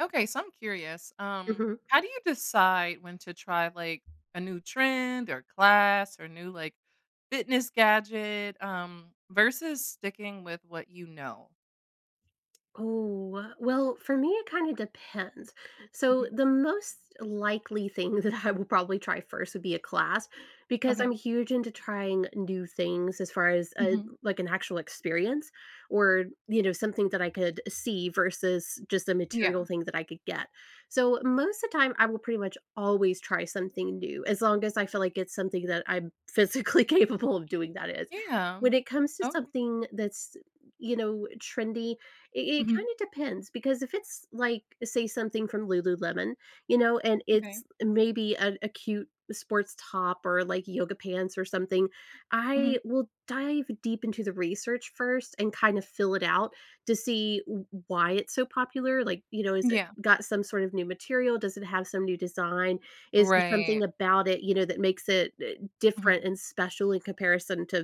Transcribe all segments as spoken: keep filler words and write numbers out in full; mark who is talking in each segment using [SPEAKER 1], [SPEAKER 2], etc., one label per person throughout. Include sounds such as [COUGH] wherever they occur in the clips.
[SPEAKER 1] Okay. So, I'm curious, um,
[SPEAKER 2] Mhm.
[SPEAKER 1] how do you decide when to try, like, a new trend or class or new, like, fitness gadget, um, versus sticking with what you know?
[SPEAKER 2] Oh, wel well, for me, it kinda depends. So,
[SPEAKER 1] Mhm.
[SPEAKER 2] the most likely thing that I will probably try first, would be a class, because I'm
[SPEAKER 1] Okay.
[SPEAKER 2] huge into trying new things as far as, uh,
[SPEAKER 1] Mhm.
[SPEAKER 2] like, an actual experience or, you know, something that I could see versus just a material
[SPEAKER 1] Yeah.
[SPEAKER 2] thing that I could get, so, most of the time, I will, pretty much, always try something new as long as I feel like it's something that I'm physically capable of doing, that is.
[SPEAKER 1] Yeah.
[SPEAKER 2] When it comes to
[SPEAKER 1] Okay.
[SPEAKER 2] something that's, y you know, trendy, i it
[SPEAKER 1] Mhm.
[SPEAKER 2] kinda depends, because if it's, like, say, something from Lululemon, you know, and it's,
[SPEAKER 1] Okay.
[SPEAKER 2] maybe, an a cute sports top or, like, yoga pants or something,
[SPEAKER 1] Mhm.
[SPEAKER 2] I will dive deep into the research, first, and kind of fill it out to see w w why it's so popular, like, you know, has it
[SPEAKER 1] Yeah.
[SPEAKER 2] got some sort of new material? Does it have some new design? Is there something
[SPEAKER 1] Right.
[SPEAKER 2] about it, you know, that makes it, eh, different
[SPEAKER 1] Mhm.
[SPEAKER 2] and special in comparison to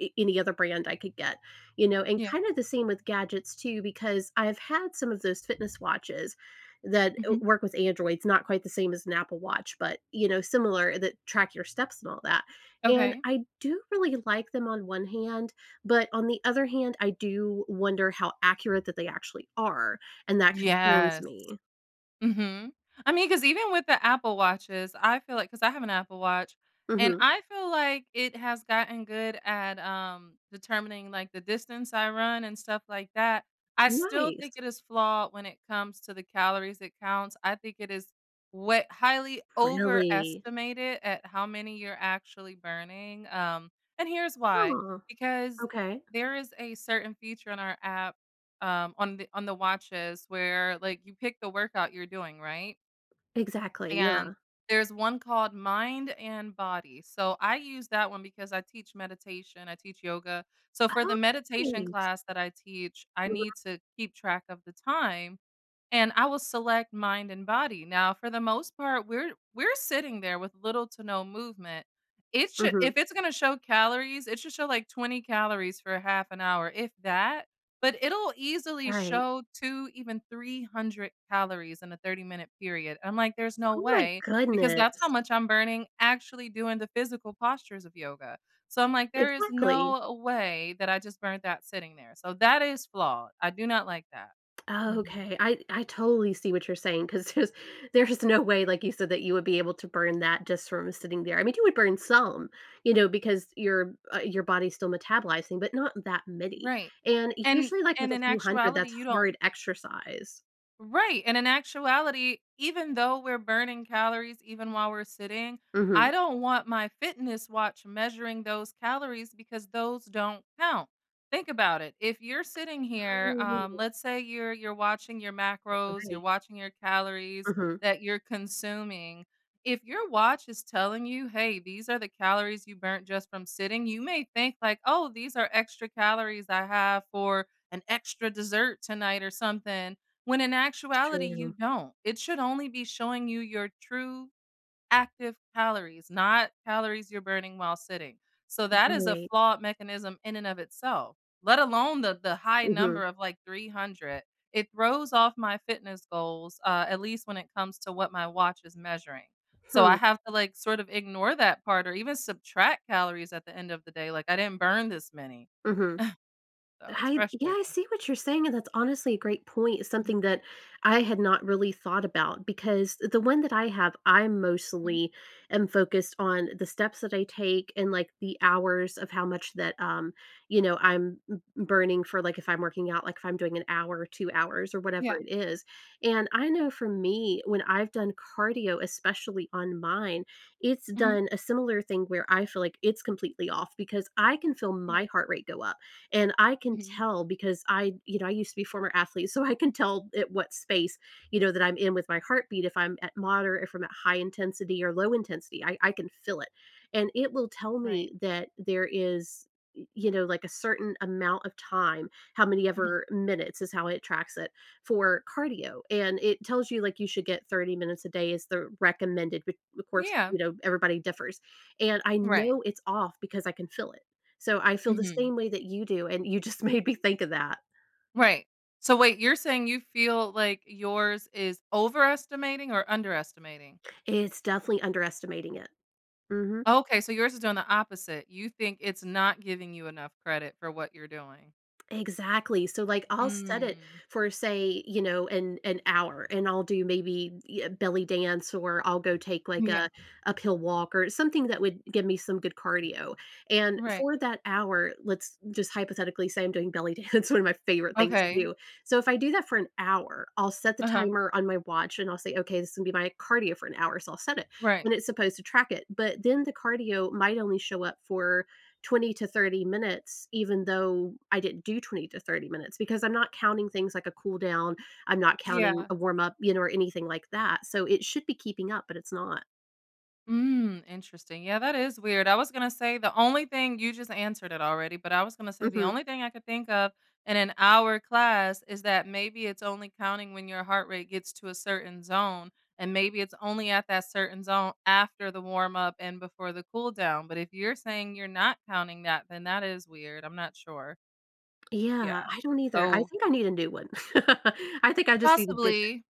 [SPEAKER 2] a any other brand I could get, you know, and
[SPEAKER 1] Yeah.
[SPEAKER 2] kinda the same with gadgets, too, because I have had some of those fitness watches that w
[SPEAKER 1] Mhm.
[SPEAKER 2] work with Androids, not quite the same as an Apple Watch, but, you know, similar that track your steps, and all that, and
[SPEAKER 1] Okay.
[SPEAKER 2] I do, really, like them on one hand, but on the other hand, I do wonder how accurate that they actually are, and that concerns
[SPEAKER 1] Yes.
[SPEAKER 2] me.
[SPEAKER 1] Mhm. I mean, 'cause even with the Apple watches, I feel like 'cause I have an Apple watch, and
[SPEAKER 2] Mhm.
[SPEAKER 1] I feel like it has gotten good at, um, determining, like, the distance I run and stuff like that. I still think
[SPEAKER 2] Nice.
[SPEAKER 1] it is flawed when it comes to the calories it counts. I think it is we highly
[SPEAKER 2] Really?
[SPEAKER 1] overestimated at how many you're actually burning, um, and here's why,
[SPEAKER 2] Huh.
[SPEAKER 1] because
[SPEAKER 2] Okay.
[SPEAKER 1] there is a certain feature on our app, um, on the on the watches where, like, you pick the workout you're doing, right?
[SPEAKER 2] Exactly.
[SPEAKER 1] And,
[SPEAKER 2] Yeah.
[SPEAKER 1] there's one called Mind and Body, so, I use that one because I teach meditation. I teach yoga. So, for the
[SPEAKER 2] Oh,
[SPEAKER 1] meditation
[SPEAKER 2] nice.
[SPEAKER 1] class that I teach, I
[SPEAKER 2] Mhm.
[SPEAKER 1] need to keep track of the time, and I will select Mind and Body. Now for the most part, we're we're sitting there with little to no movement. It should if
[SPEAKER 2] Mhm.
[SPEAKER 1] it's gonna show calories, it should show, like, twenty calories for half an hour if that but it'll easily
[SPEAKER 2] Right.
[SPEAKER 1] show two, even three hundred calories in a thirty minute period. I'm like, "There's no
[SPEAKER 2] Oh, my
[SPEAKER 1] way, because that's how
[SPEAKER 2] goodness.
[SPEAKER 1] much I'm burning actually doing the physical postures of yoga," so, I'm like, "There is
[SPEAKER 2] Exactly.
[SPEAKER 1] no way that I just burnt that sitting there," so that is flawed. I do not like that. Mhm.
[SPEAKER 2] Okay. I I totally see what you're saying, 'Cause 'cause there's no way, like you said, that you would be able to burn that just from sitting there. I mean, you would burn some, you know, because your, uh, your body's still metabolizing, but not that many,
[SPEAKER 1] Right,
[SPEAKER 2] and
[SPEAKER 1] and
[SPEAKER 2] usually, like, with
[SPEAKER 1] and
[SPEAKER 2] a
[SPEAKER 1] in
[SPEAKER 2] few hundred
[SPEAKER 1] actuality,
[SPEAKER 2] that's
[SPEAKER 1] you don't
[SPEAKER 2] hard exercise.
[SPEAKER 1] Right. And in actuality, even though we're burning calories even while we're sitting,
[SPEAKER 2] Mhm.
[SPEAKER 1] I don't want my fitness watch measuring those calories because those don't count. Think about it. If you're sitting here, um,
[SPEAKER 2] Oh.
[SPEAKER 1] let's say you're you're watching your macros, you're
[SPEAKER 2] Right.
[SPEAKER 1] watching your calories
[SPEAKER 2] Mhm.
[SPEAKER 1] that you're consuming. If your watch is telling you, hey, these are the calories you burnt just from sitting, you may think, like, "Oh, these are extra calories I have for an extra dessert tonight or something." When in actuality, you
[SPEAKER 2] True.
[SPEAKER 1] don't. It should only be showing you your true active calories, not calories you're burning while sitting. So, that is a
[SPEAKER 2] Right.
[SPEAKER 1] flawed mechanism in and of itself, let alone the the high
[SPEAKER 2] Mhm.
[SPEAKER 1] number of, like, three hundred. It throws off my fitness goals, uh, at least when it comes to what my watch is measuring. So, I
[SPEAKER 2] Hmm.
[SPEAKER 1] have to, like, sort of ignore that part or even subtract calories at the end of the day, like, I didn't burn this many. [SCOFFS]
[SPEAKER 2] Mhm.
[SPEAKER 1] So, it's
[SPEAKER 2] I yeah, I
[SPEAKER 1] frustrating.
[SPEAKER 2] see what you're saying, and that's honestly a great point, it's
[SPEAKER 1] Mhm.
[SPEAKER 2] something that I had not really thought about because th the one that I have, I'm
[SPEAKER 1] Hmm.
[SPEAKER 2] mostly am focused on the steps that I take and, like, the hours of how much that um, you know, I'm m m burning for like, if I'm working out, like, if I'm doing an hour or two hours or whatever
[SPEAKER 1] Yeah.
[SPEAKER 2] it is. And I know for me, when I've done cardio, especially on mine, it's
[SPEAKER 1] Mhm.
[SPEAKER 2] done a similar thing where I feel like it's completely off because I can feel my
[SPEAKER 1] Yeah.
[SPEAKER 2] heart rate go up. And I can
[SPEAKER 1] Mhm.
[SPEAKER 2] tell because I you know, I used to be former athlete, so I can tell it what space, you know, that I'm in with my heartbeat if I'm at moderate, if I'm high intensity or low intensity, I I can feel it. And it will tell
[SPEAKER 1] Right.
[SPEAKER 2] me that there is y you know, like, a certain amount of time, how many
[SPEAKER 1] Mhm.
[SPEAKER 2] ever minutes is how it tracks it for cardio. And it tells you, like, you should get thirty minutes a day is the recommended. B bu of course, you
[SPEAKER 1] Yeah.
[SPEAKER 2] know, everybody differs. And I know
[SPEAKER 1] Right.
[SPEAKER 2] it's off because I can feel it. So, I feel the
[SPEAKER 1] Mhm.
[SPEAKER 2] same way that you do, and you just made me think of that.
[SPEAKER 1] Right. So, wait, you're saying you feel like yours is overestimating or underestimating?
[SPEAKER 2] It's definitely underestimating it. Mhm.
[SPEAKER 1] Okay so, yours is doing the opposite, you think it's not giving you enough credit for what you're doing.
[SPEAKER 2] Exactly, so, like, I'll set it
[SPEAKER 1] Mm.
[SPEAKER 2] for, say, you know, an an hour, and I'll do maybe e a belly dance or I'll go take, like, a
[SPEAKER 1] Yeah.
[SPEAKER 2] uphill walk or something that would give me some good cardio, and
[SPEAKER 1] Right.
[SPEAKER 2] for that hour, let's just hypothetically say I'm doing belly dance, one of my favorite things to
[SPEAKER 1] Okay.
[SPEAKER 2] do. So, if I do that for an hour, I'll set the
[SPEAKER 1] Uh-huh.
[SPEAKER 2] timer on my watch, and I'll say, "Okay, this will be my cardio for an hour," so, I'll set it,
[SPEAKER 1] Right.
[SPEAKER 2] and it's supposed to track it, but then the cardio might only show up for twenty to thirty minutes even though I didn't do twenty to thirty minutes because I'm not counting things like a cool down. I'm not counting
[SPEAKER 1] Yeah.
[SPEAKER 2] a warm up, you know, or anything like that, so, it should be keeping up, but it's not.
[SPEAKER 1] Mm, interesting. Yeah, that is weird. I was gonna say the only thing you just answered it already but I was gonna say the
[SPEAKER 2] Mhm.
[SPEAKER 1] only thing I could think of in an hour class is that maybe it's only counting when your heart rate gets to a certain zone, and maybe it's only at that certain zone after the warm up and before the cool down, but if you're saying you're not counting that, then that is weird. I'm not sure. Yeah,
[SPEAKER 2] Yeah, I don't either. I
[SPEAKER 1] so
[SPEAKER 2] think I need a new one. [LAUGHS] I think I just need a digit.
[SPEAKER 1] Possibly,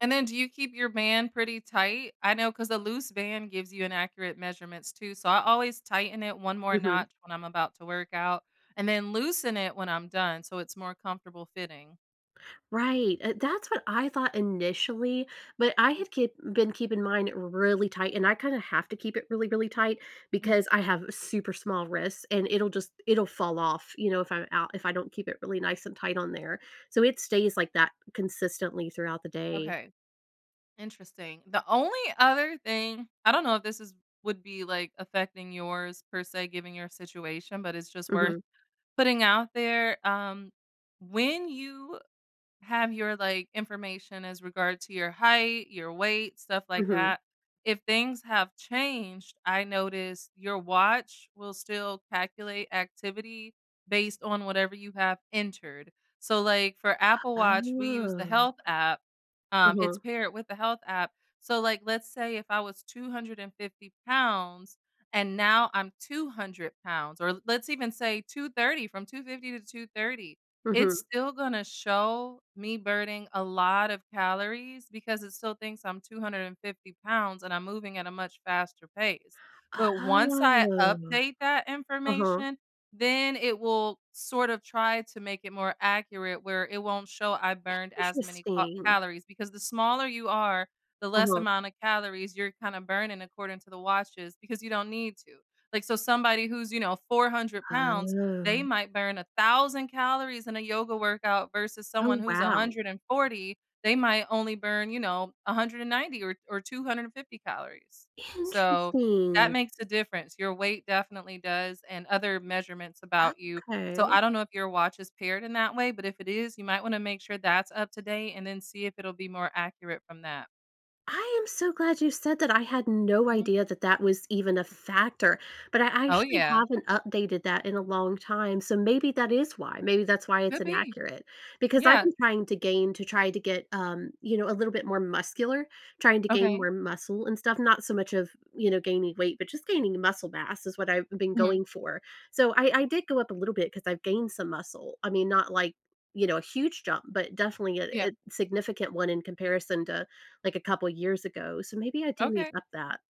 [SPEAKER 1] and then do you keep your band pretty tight? I know 'cause a loose band gives you inaccurate measurements too, so, I always tighten it one more
[SPEAKER 2] Mhm.
[SPEAKER 1] notch when I'm about to work out and then loosen it when I'm done so it's more comfortable fitting.
[SPEAKER 2] Right, eh that's what I thought initially, but I had kip been keeping in mine really tight, and I kinda have to keep it really, really tight
[SPEAKER 1] Mhm.
[SPEAKER 2] because I have super small wrists, and it'll just it'll fall off, you know, if I'm out if I don't keep it really nice and tight on there, so it stays like that, consistently, throughout the day.
[SPEAKER 1] Okay. Interesting. The only other thing I don't know if this is would be, like, affecting yours, per se, given your situation, but it's just worth
[SPEAKER 2] Mhm.
[SPEAKER 1] putting out there, um, when you have your, like, information as regard to your height, your weight, stuff like
[SPEAKER 2] Mhm.
[SPEAKER 1] that, if things have changed, I noticed your watch will still calculate activity based on whatever you have entered, so, like, for Apple Watch, we use the
[SPEAKER 2] Oh.
[SPEAKER 1] Health app, um, it's
[SPEAKER 2] Uh-huh.
[SPEAKER 1] paired with the Health app, so, like, let's say if I was two hundred and fifty pounds and now I'm two hundred pounds or, let's even say two thirty from two fifty to two thirty, it's
[SPEAKER 2] Mhm.
[SPEAKER 1] still gonna show me burning a lot of calories because it still thinks I'm two hundred and fifty pounds, and I'm moving at a much faster pace, but once I
[SPEAKER 2] Oh.
[SPEAKER 1] update that
[SPEAKER 2] Uh-huh.
[SPEAKER 1] information, then it will sort of try to make it more accurate where it won't show I burned as many ca
[SPEAKER 2] Interesting.
[SPEAKER 1] calories, because the smaller you are, the less
[SPEAKER 2] Uh-huh.
[SPEAKER 1] amount of calories you're kinda burning according to the watches because you don't need to, like, so somebody who's, you know, four hundred pounds, they
[SPEAKER 2] Oh.
[SPEAKER 1] might burn a thousand calories in a yoga workout versus someone
[SPEAKER 2] Oh,
[SPEAKER 1] who's a
[SPEAKER 2] wow.
[SPEAKER 1] hundred and forty. They might only burn, you know, a hundred and ninety or or two hundred and fifty calories, so, that
[SPEAKER 2] Interesting.
[SPEAKER 1] makes a difference. Your weight definitely does and other measurements about you, so
[SPEAKER 2] Okay.
[SPEAKER 1] I don't know if your watch is paired in that way, but if it is, you might wanna make sure that's up to date and then see if it'll be more accurate from that.
[SPEAKER 2] I am so glad you said that. I had no
[SPEAKER 1] Mhm.
[SPEAKER 2] idea that that was even a factor, but I
[SPEAKER 1] Oh,
[SPEAKER 2] actually
[SPEAKER 1] yeah.
[SPEAKER 2] haven't updated that in a long time, so maybe that is why. Maybe that's why it's
[SPEAKER 1] Could be.
[SPEAKER 2] inaccurate. Because I've
[SPEAKER 1] Yeah.
[SPEAKER 2] been trying to gain to try to get, um, you know, a little bit more muscular, trying to gain
[SPEAKER 1] Okay.
[SPEAKER 2] more muscle and stuff, not so much of, you know, gaining weight, but just gaining muscle mass is what I've been
[SPEAKER 1] Mhm.
[SPEAKER 2] going for, so I I did go up a little bit, 'cause I've gained some muscle. I mean, not, like, you know, a huge jump, but definitely a a
[SPEAKER 1] Yeah.
[SPEAKER 2] significant one in comparison to, like, a couple years ago, so maybe I do need
[SPEAKER 1] Okay.
[SPEAKER 2] to up that.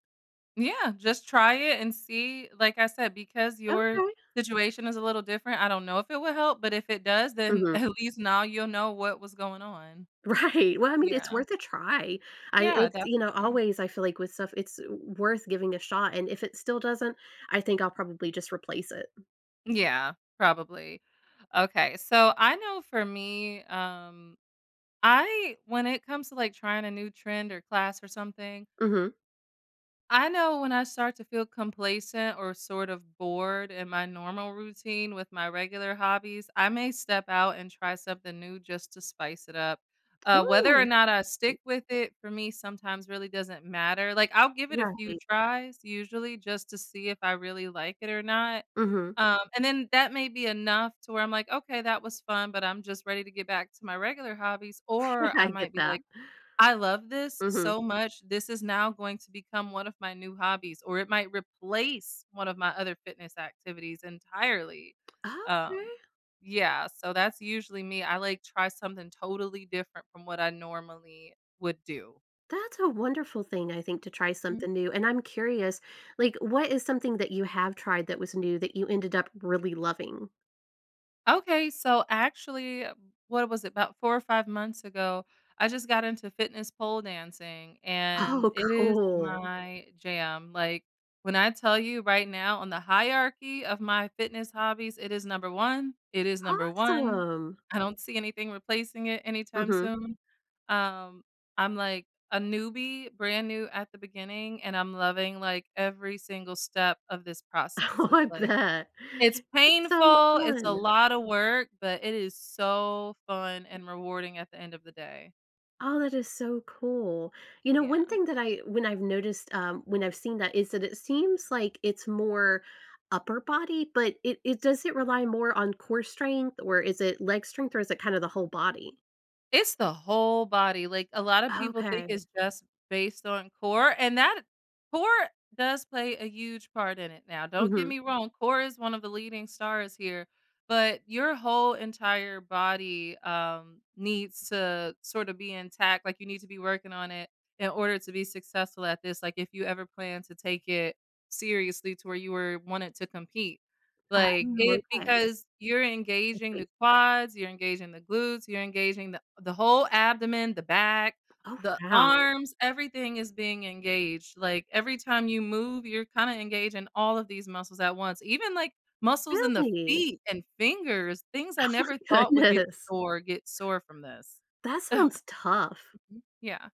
[SPEAKER 1] Yeah, just try it and see. Like I said, because your
[SPEAKER 2] Okay.
[SPEAKER 1] situation is a little different, I don't know if it will help, but if it does, then,
[SPEAKER 2] Mhm.
[SPEAKER 1] at least, now you'll know what was going on.
[SPEAKER 2] Right. Well, I mean, it's
[SPEAKER 1] Yeah.
[SPEAKER 2] worth a try. I
[SPEAKER 1] Yeah,
[SPEAKER 2] it's you know,
[SPEAKER 1] definitely.
[SPEAKER 2] always, feel like with stuff, it's w w worth giving a shot, and if it still doesn't, I think I'll probably just replace it.
[SPEAKER 1] Yeah. Probably. Okay, so I know for me, um, I when it comes to, like, trying a new trend or class or something
[SPEAKER 2] Mhm.
[SPEAKER 1] I know when I start to feel complacent or sort of bored in my normal routine with my regular hobbies, I may step out and try something new just to spice it up. Uh, whether or
[SPEAKER 2] Ooh.
[SPEAKER 1] not I stick with it, for me, sometimes really doesn't matter, like, I'll give it a few
[SPEAKER 2] Right.
[SPEAKER 1] tries usually just to see if I really like it or not,
[SPEAKER 2] Mhm.
[SPEAKER 1] um, and then that may be enough to where I'm like, "Okay, that was fun, but I'm just ready to get back to my regular hobbies,"
[SPEAKER 2] [CHUCKLES]
[SPEAKER 1] or I
[SPEAKER 2] I get
[SPEAKER 1] might be
[SPEAKER 2] that.
[SPEAKER 1] like, "I love this
[SPEAKER 2] Mhm.
[SPEAKER 1] so much, this is now going to become one of my new hobbies," or it might replace one of my other fitness activities entirely.
[SPEAKER 2] Okay.
[SPEAKER 1] Um, yeah, so that's usually me, I, like, try something totally different from what I normally would do.
[SPEAKER 2] That's a wonderful thing, I think, to try
[SPEAKER 1] Hmm.
[SPEAKER 2] something new and I'm curious, like, what is something that you have tried that was new that you ended up really loving?
[SPEAKER 1] Okay, so, actually, what was it, 'bout four or five months ago, I just got into fitness pole dancing, and
[SPEAKER 2] Oh,
[SPEAKER 1] it is
[SPEAKER 2] cool.
[SPEAKER 1] my jam, like, when I tell you right now on the hierarchy of my fitness hobbies, it is number one, it is number one.
[SPEAKER 2] Awesome.
[SPEAKER 1] I don't see anything replacing it anytime
[SPEAKER 2] Mhm.
[SPEAKER 1] soon. Um, I'm, like, a newbie, brand new at the beginning, and I'm loving, like, every single step of this process.
[SPEAKER 2] I
[SPEAKER 1] It's
[SPEAKER 2] want
[SPEAKER 1] like
[SPEAKER 2] that.
[SPEAKER 1] it's
[SPEAKER 2] It sounds
[SPEAKER 1] painful, it's a
[SPEAKER 2] fun.
[SPEAKER 1] lotta work, but it is so fun and rewarding at the end of the day.
[SPEAKER 2] Oh, that is so cool. You know, one
[SPEAKER 1] Yeah.
[SPEAKER 2] thing that I when I've noticed, um, when I've seen that is that it seems like it's more upper body, but it it does it rely more on core strength, or is it leg strength, or is it kinda the whole body?
[SPEAKER 1] It's the whole body, like, a lotta people think
[SPEAKER 2] Okay.
[SPEAKER 1] it's just based on core, and that core does play a huge part in it now. Don't get
[SPEAKER 2] Mhm.
[SPEAKER 1] me wrong, core is one of the leading stars here, but your whole, entire body, um, needs to sorta be intact, like, you need to be working on it in order to be successful at this, like, if you ever plan to take it seriously to where you were wanted to compete,
[SPEAKER 2] Oh,
[SPEAKER 1] like, it
[SPEAKER 2] okay.
[SPEAKER 1] because you're
[SPEAKER 2] I
[SPEAKER 1] engaging
[SPEAKER 2] see.
[SPEAKER 1] the quads, you're engaging the glutes, you're engaging the the whole abdomen, the back,
[SPEAKER 2] Oh,
[SPEAKER 1] the
[SPEAKER 2] wow.
[SPEAKER 1] arms, everything is being engaged, like, every time you move, you're kinda engaging all of these muscles at once. Even, like, muscles in the
[SPEAKER 2] Really?
[SPEAKER 1] feet and fingers, things
[SPEAKER 2] Oh
[SPEAKER 1] I never
[SPEAKER 2] my
[SPEAKER 1] thought would get
[SPEAKER 2] goodness.
[SPEAKER 1] sore get sore from this.
[SPEAKER 2] That sounds tough.
[SPEAKER 1] [CHUCKLES] Yeah,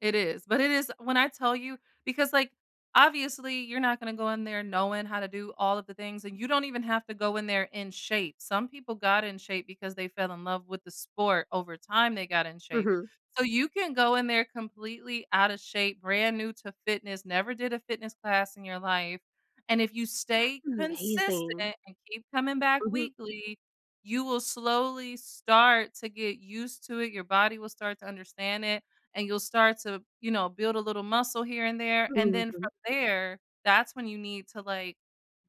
[SPEAKER 1] it is. But it is when I tell you because, like, obviously, you're not gonna go in there knowing how to do all of the things, and you don't even have to go in there in shape. Some people got in shape because they fell in love with the sport. Over time, they got in shape.
[SPEAKER 2] Mhm.
[SPEAKER 1] So, you can go in there completely outta shape, brand new to fitness, never did a fitness class in your life, and if you
[SPEAKER 2] That's
[SPEAKER 1] stay
[SPEAKER 2] amazing.
[SPEAKER 1] consistent and keep coming back
[SPEAKER 2] Mhm.
[SPEAKER 1] weekly, you will slowly start to get used to it. Your body will start to understand it, and you'll start to, you know, build a little muscle here and there, and then
[SPEAKER 2] Mhm.
[SPEAKER 1] from there, that's when you need to, like,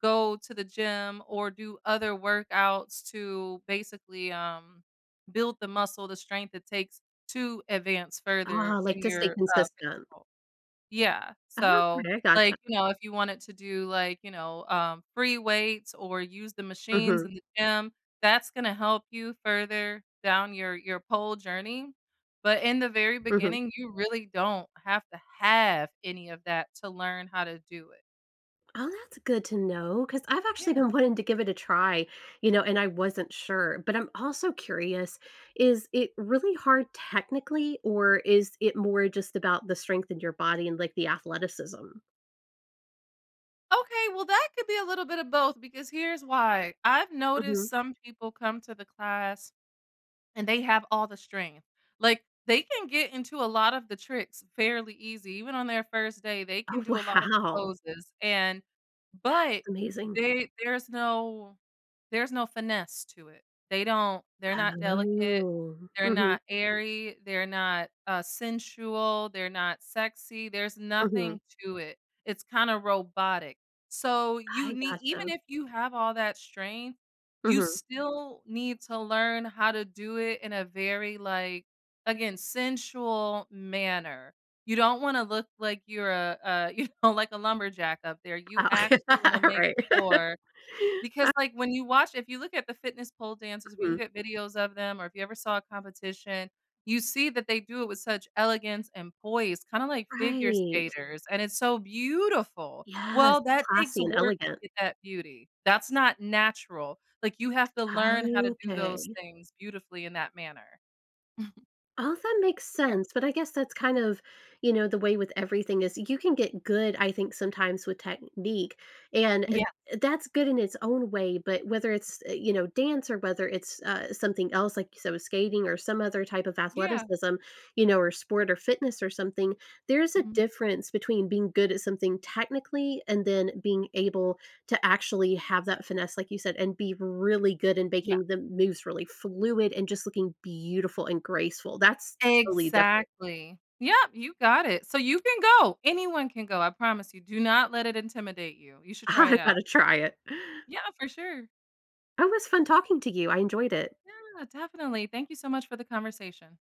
[SPEAKER 1] go to the gym or do other workouts to basically, um, build the muscle, the strength it takes to advance further
[SPEAKER 2] Ah, like,
[SPEAKER 1] in
[SPEAKER 2] to stay
[SPEAKER 1] your, uh, dance
[SPEAKER 2] consistent.
[SPEAKER 1] pole Yeah.
[SPEAKER 2] Okay.
[SPEAKER 1] So,
[SPEAKER 2] I
[SPEAKER 1] like,
[SPEAKER 2] gotcha.
[SPEAKER 1] you know, if you wanted to do, like, you know, uh, free weights or use the machines
[SPEAKER 2] Mhm.
[SPEAKER 1] in the gym, that's gonna help you further down your your pole journey. But in the very
[SPEAKER 2] Mhm.
[SPEAKER 1] beginning, you really don't have to have any of that to learn how to do it.
[SPEAKER 2] Oh, that's good to know. 'Cause I've actually
[SPEAKER 1] Yeah.
[SPEAKER 2] been wanting to give it a try, you know, and I wasn't sure, but I'm also curious, is it really hard technically, or is it more just about the strength in your body and, like, the athleticism?
[SPEAKER 1] Okay, well, that could be a little bit of both because here's why, I've
[SPEAKER 2] Mhm.
[SPEAKER 1] noticed some people come to the class and they have all the strength. Like, they can get into a lot of the tricks fairly easy even on their first day, they
[SPEAKER 2] Oh,
[SPEAKER 1] can do a lot of the
[SPEAKER 2] wow.
[SPEAKER 1] poses, and but
[SPEAKER 2] That's amazing.
[SPEAKER 1] they there's no there's no finesse to it, they don't they're not delicate,
[SPEAKER 2] Oh.
[SPEAKER 1] they're
[SPEAKER 2] Mhm.
[SPEAKER 1] not airy, they're not, uh, sensual, they're not sexy, there's
[SPEAKER 2] Mhm.
[SPEAKER 1] nothing to it. It's kinda robotic, so you
[SPEAKER 2] I
[SPEAKER 1] need even
[SPEAKER 2] gotcha.
[SPEAKER 1] if you have all that strength, you
[SPEAKER 2] Mhm.
[SPEAKER 1] still need to learn how to do it in a very, like, again, sensual manner. You don't wanna look like you're a a you know, like a lumberjack up there you
[SPEAKER 2] Uh.
[SPEAKER 1] actually wanna
[SPEAKER 2] [LAUGHS]
[SPEAKER 1] make
[SPEAKER 2] Right.
[SPEAKER 1] more.
[SPEAKER 2] [LAUGHS]
[SPEAKER 1] Because,
[SPEAKER 2] Uh.
[SPEAKER 1] like, when you watch if you look at the fitness pole dances, if you look
[SPEAKER 2] Mhm.
[SPEAKER 1] at videos of them or if you ever saw a competition, you see that they do it with such elegance and poise, kinda like figure
[SPEAKER 2] Right.
[SPEAKER 1] skaters, and it's so beautiful.
[SPEAKER 2] Yes,
[SPEAKER 1] Well,
[SPEAKER 2] it's
[SPEAKER 1] that takes
[SPEAKER 2] classy and
[SPEAKER 1] work to
[SPEAKER 2] elegant.
[SPEAKER 1] get that beauty. That's not natural, like, you have to learn how to do those
[SPEAKER 2] Okay.
[SPEAKER 1] things beautifully in that manner. [CHUCKLES]
[SPEAKER 2] All that makes
[SPEAKER 1] Yeah.
[SPEAKER 2] sense, but I guess that's kind of, you know, the way with everything is, you can get good, I think, sometimes with technique, and, eh
[SPEAKER 1] Yeah.
[SPEAKER 2] eh, that's good in its own way, but whether it's, eh, you know, dance or whether it's, uh, something else, like you said, with skating or some other type of
[SPEAKER 1] Yeah.
[SPEAKER 2] athleticism, you know, or sport, or fitness or something, there is a
[SPEAKER 1] Mhm.
[SPEAKER 2] difference between being good at something technically and then being able to actually have that finesse, like you said, and be really good in
[SPEAKER 1] Yeah.
[SPEAKER 2] making the moves really fluid and just looking beautiful and graceful, that's totally different.
[SPEAKER 1] Exactly! Yep, you got it, so you can go. Anyone can go, I promise you, do not let it intimidate you, you should try it
[SPEAKER 2] I
[SPEAKER 1] out.
[SPEAKER 2] gotta try it.
[SPEAKER 1] Yeah, for sure.
[SPEAKER 2] It was fun talking to you, I enjoyed it.
[SPEAKER 1] Yeah, definitely, thank you so much for the conversation.